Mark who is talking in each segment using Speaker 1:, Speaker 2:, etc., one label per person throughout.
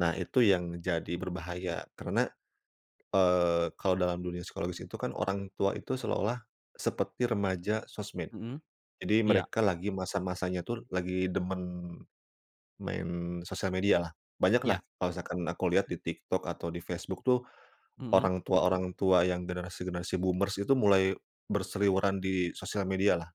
Speaker 1: Nah, itu yang jadi berbahaya. Karena, eee, kalau dalam dunia psikologis itu kan orang tua itu seolah-olah seperti remaja sosmed.
Speaker 2: Mhm.
Speaker 1: Jadi,
Speaker 2: Iya.
Speaker 1: mereka lagi masa-masanya tuh, lagi demen main sosial media lah. Banyaklah,
Speaker 2: Iya.
Speaker 1: kalau misalkan aku lihat di TikTok, atau di Facebook tuh,
Speaker 2: Mhm.
Speaker 1: orang tua-orang tua yang generasi-generasi boomers itu mulai berseliweran di sosial media lah.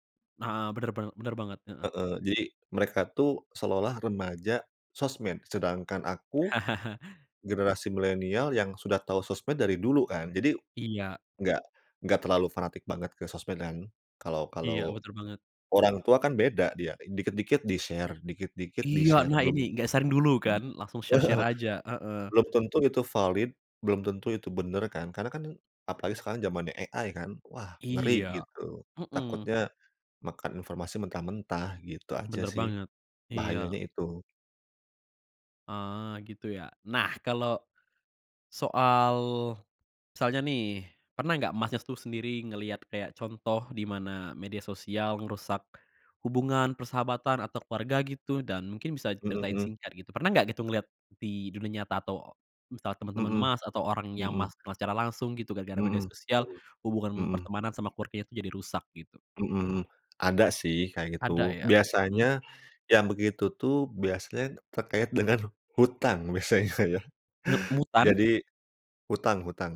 Speaker 2: Heeh, bener banget bener banget, heeh.
Speaker 1: Heeh. Jadi, mereka tuh seolah-olah remaja sosmed, sedangkan aku, generasi milenial yang sudah tahu sosmed dari dulu kan, jadi
Speaker 2: Iya.
Speaker 1: enggak enggak terlalu fanatik banget ke sosmed kan, kalau
Speaker 2: Iya,
Speaker 1: kalau
Speaker 2: betul banget.
Speaker 1: orang tua kan beda dia, dikit-dikit di-share, dikit-dikit
Speaker 2: Iya,
Speaker 1: di-share,
Speaker 2: nah, ini,
Speaker 1: belum
Speaker 2: nggak saring dulu, kan? Langsung share-share aja, heeh.
Speaker 1: belum tentu itu valid, belum tentu itu bener kan, karena kan apalagi sekarang zamannya AI, kan, wah ngeri,
Speaker 2: Iya.
Speaker 1: gitu.
Speaker 2: Mhm.
Speaker 1: Takutnya makan informasi mentah-mentah, gitu aja
Speaker 2: Bener
Speaker 1: sih.
Speaker 2: banget. Iya.
Speaker 1: Bahayanya itu.
Speaker 2: Ah, gitu ya? Nah, kalau, soal misalnya nih, pernah nggak Masnya tuh sendiri ngeliat kayak contoh di mana media sosial ngerusak hubungan, persahabatan, atau keluarga, gitu? Dan mungkin bisa
Speaker 1: Mhm
Speaker 2: diceritain
Speaker 1: mhm.
Speaker 2: singkat, gitu. Pernah nggak gitu ngeliat di dunia nyata atau misalnya temen-temen
Speaker 1: Mhm.
Speaker 2: Mas, atau orang yang
Speaker 1: Mhm.
Speaker 2: Mas kenal secara langsung gitu, gara-gara media
Speaker 1: Mhm
Speaker 2: sosial,
Speaker 1: mhm,
Speaker 2: hubungan
Speaker 1: mhm.
Speaker 2: pertemanan sama keluarganya tuh jadi rusak, gitu?
Speaker 1: Mhm. Ada sih, kayak
Speaker 2: Ada,
Speaker 1: gitu.
Speaker 2: ya?
Speaker 1: Biasanya
Speaker 2: Mhm?
Speaker 1: yang begitu tuh, biasanya terkait dengan hutang, biasanya ya.
Speaker 2: Ngetmutan?
Speaker 1: Jadi, hutang hutang.